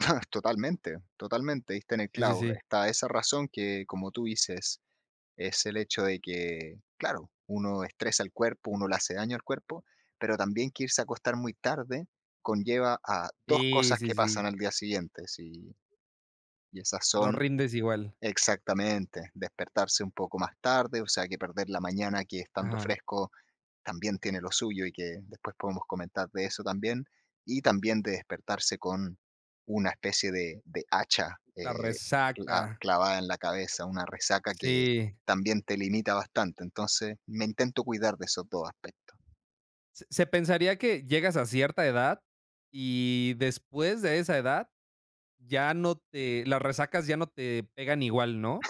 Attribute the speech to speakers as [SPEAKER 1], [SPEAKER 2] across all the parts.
[SPEAKER 1] Ah, totalmente, totalmente, diste en el
[SPEAKER 2] Sí, sí,
[SPEAKER 1] clavo.
[SPEAKER 2] sí.
[SPEAKER 1] Está esa razón que, como tú dices, es el hecho de que, claro, uno estresa el cuerpo, uno le hace daño al cuerpo, pero también, que irse a acostar muy tarde conlleva a 2
[SPEAKER 2] Sí,
[SPEAKER 1] cosas
[SPEAKER 2] sí,
[SPEAKER 1] que pasan
[SPEAKER 2] sí.
[SPEAKER 1] al día siguiente, sí, y esas
[SPEAKER 2] No
[SPEAKER 1] son
[SPEAKER 2] rindes igual.
[SPEAKER 1] Exactamente, despertarse un poco más tarde, o sea, que perder la mañana que, estando
[SPEAKER 2] Ajá.
[SPEAKER 1] fresco también tiene lo suyo y, que después podemos comentar de eso también. Y, también, de despertarse con una especie de de hacha,
[SPEAKER 2] La
[SPEAKER 1] eh, cla
[SPEAKER 2] resaca.
[SPEAKER 1] clavada en la cabeza, una resaca que
[SPEAKER 2] Sí.
[SPEAKER 1] también te limita bastante. Entonces, me intento cuidar de esos 2 aspectos.
[SPEAKER 2] Se se pensaría que llegas a cierta edad y después de esa edad ya no te las resacas ya no te pegan igual, ¿no?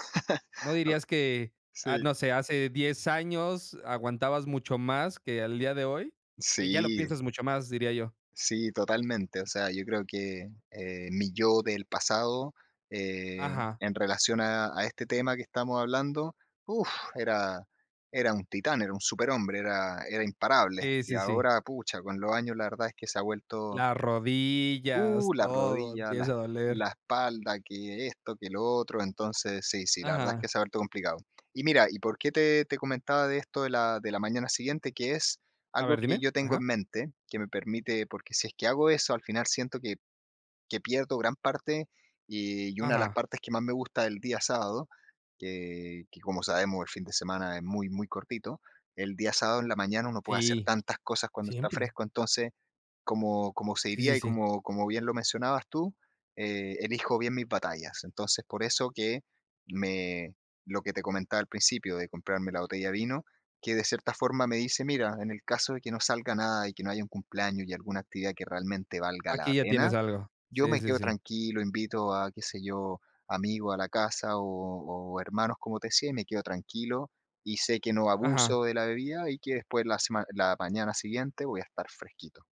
[SPEAKER 2] ¿No dirías que,
[SPEAKER 1] Oh
[SPEAKER 2] ah,
[SPEAKER 1] sí.
[SPEAKER 2] no sé, hace 10 años aguantabas mucho más que al día de hoy? Que ya lo
[SPEAKER 1] Sí.
[SPEAKER 2] piensas mucho más, diría yo.
[SPEAKER 1] Sí, totalmente. O sea, yo creo que, eh, mi yo del pasado, eh,
[SPEAKER 2] Ajá.
[SPEAKER 1] en relación a a este tema que estamos hablando, uf, era era un titán, era un superhombre, era era imparable.
[SPEAKER 2] Sí,
[SPEAKER 1] Y,
[SPEAKER 2] sí, sí.
[SPEAKER 1] ahora, pucha, con los años la verdad es que se ha vuelto
[SPEAKER 2] Las
[SPEAKER 1] Uh,
[SPEAKER 2] rodillas,
[SPEAKER 1] la
[SPEAKER 2] todo
[SPEAKER 1] rodilla, la es
[SPEAKER 2] empieza a doler.
[SPEAKER 1] la espalda, que esto, que lo otro. Entonces sí, sí, la verdad es que
[SPEAKER 2] Ajá.
[SPEAKER 1] se ha vuelto complicado. Y mira, y por qué te te comentaba de esto de la de la mañana siguiente, que es
[SPEAKER 2] A
[SPEAKER 1] algo
[SPEAKER 2] ver,
[SPEAKER 1] que
[SPEAKER 2] dime.
[SPEAKER 1] yo tengo en
[SPEAKER 2] Ajá.
[SPEAKER 1] mente, que me permite porque si es que hago eso, al final siento que que pierdo gran parte y y, una de las
[SPEAKER 2] Ajá.
[SPEAKER 1] partes que más me gusta del día sábado, que que como sabemos, el fin de semana es muy, muy cortito, el día sábado en la mañana uno puede hacer
[SPEAKER 2] Sí,
[SPEAKER 1] tantas cosas cuando está
[SPEAKER 2] siempre.
[SPEAKER 1] fresco. Entonces, como como se
[SPEAKER 2] Sí,
[SPEAKER 1] diría
[SPEAKER 2] sí,
[SPEAKER 1] y
[SPEAKER 2] sí.
[SPEAKER 1] como como bien lo mencionabas tú, eh, elijo bien mis batallas. Entonces, por eso que me lo que te comentaba al principio de comprarme la botella de vino, que de cierta forma me dice mira, en el caso de que no salga nada y que no haya un cumpleaños y alguna actividad que realmente valga la
[SPEAKER 2] Aquí ya
[SPEAKER 1] pena,
[SPEAKER 2] tienes algo.
[SPEAKER 1] yo
[SPEAKER 2] Sí,
[SPEAKER 1] me
[SPEAKER 2] sí,
[SPEAKER 1] quedo
[SPEAKER 2] sí.
[SPEAKER 1] tranquilo, invito a, qué sé yo, amigos a la casa o o hermanos, como te decía y, me quedo tranquilo y, sé que no
[SPEAKER 2] Ajá.
[SPEAKER 1] abuso de la bebida y, que después la sema la mañana siguiente voy a estar fresquito.